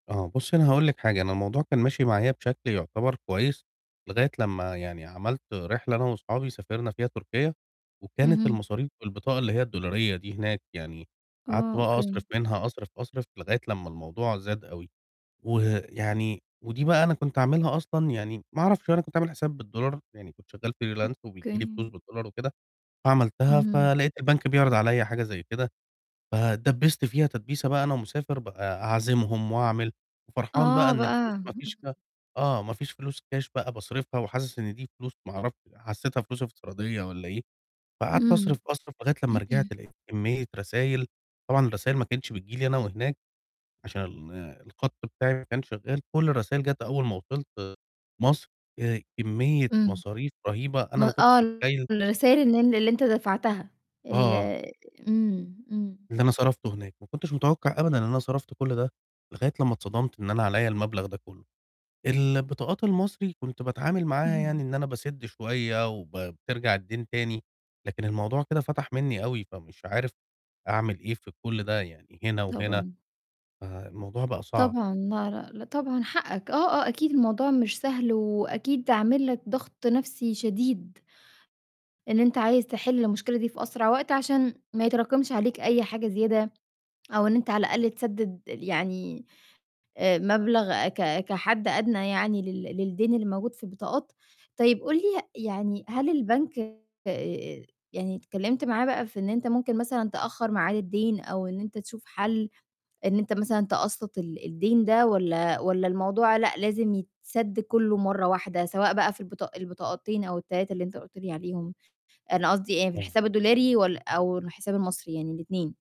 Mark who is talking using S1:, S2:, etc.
S1: آه بُصّي، أنا هاقول لِك حاجة، أنا الموضوع كان ماشي معايا بشكل يُعتبر كويس لغاية لمّا يعني عَمَلت رحلة أنا واصحابي سافرنا فيها تركيا، وكانت
S2: اهم.
S1: المصاريف بالبطاقة اللي هي الدولارية دي هناك يعني،
S2: آه،
S1: قعدت بقى
S2: أوكي.
S1: أصرِف منها أصرِف، أصرِف لغاية لمّا الموضوع زاد أوي، ويعني ودي بقى أنا كنت عاملها أصلًا يعني ما أعرَفش أنا كنت عامل حساب بالدولار، يعني كنت شغال freelance وبييجي لي فلوس
S2: أوكي.
S1: بالدولار وكده، فعملتها
S2: امم.
S1: فلقيت البنك بيعرِض عليَّ حاجة زي كده فاتدبّست فيها تدبيسة بقى، أنا ومسافر بقى أعزمهم وأعمل، وفرحان بقى
S2: آه
S1: إن الفلوس
S2: بقى
S1: ما فيش ف آه، ما فيش فلوس كاش بقى باصرِفها وحاسس إن دي فلوس ما أعرفش حسيتها فلوس افتراضية والّا إيه، فقعدت
S2: إمم.
S1: أصرِف، أصرِف لغاية لمّا رِجِعت لقيت كمية رسايل، طبعًا الرسايل ما كانتش بتيجي لي أنا وهناك عشان الخط بتاعي ما كانش شغال، كُلّ الرسايل جات أول ما وصِلت مَصر، آآ كمية
S2: إمم.
S1: مصاريف رهيبة
S2: م
S1: أنا ما كنتش
S2: آه
S1: متخيّل
S2: الرسايل اللي أن اللي أنت دفعتها، ال
S1: آه.
S2: إمم، إمم.
S1: اللي أنا صرَفته هناك، ما كنتش متوقع أبدًا إن أنا صَرَفت كُلّ ده لغاية لمّا اتصدمت إن أنا عليَّ المبلغ ده كلّه، البطاقات المصري كنت باتعامل معاها
S2: إمم.
S1: يعني إن أنا باسِدّ شوية وب بترجع الدَّين تاني، لكن الموضوع كده فَتَح مني أوي، فمش عارف أعمل إيه في كُلّ ده يعني هنا وهنا.
S2: طبعًا.
S1: ف الموضوع بقى صعب.
S2: طبعًا لا، لأ، طبعًا حقَّك آه، آه أكيد الموضوع مش سهل، وأكيد عامل لك ضغط نفْسي شديد. إن أنت عايز تحل المشكلة دي في أسرع وقت عشان ما يتراكمش عليك أي حاجة زيادة، أو إن أنت على الأقل تسدِّد يعني مبلغ ك كحد أدنى يعني لل للدَّين اللي موجود في البطاقات. طيب قُل لي يعني هل البنك آآ، يعني اتكلمت معاه بقى في إن أنت ممكن مثلًا تأخَّر ميعاد الدَّين أو إن أنت تشوف حَلّ، إن أنت مثلًا تقسَّط ال الدَّين ده والَّا والَّا الموضوع لأ لازم يتسَدّ كُلّه مرّه واحدة، سواء بقى في البطا البطاقتين أو ال3 اللي أنت قُلت لي عليهم، أنا قصدي إ في
S1: آه.
S2: الحساب الدولاري ول أو الحساب المصري، يعني الاتنين؟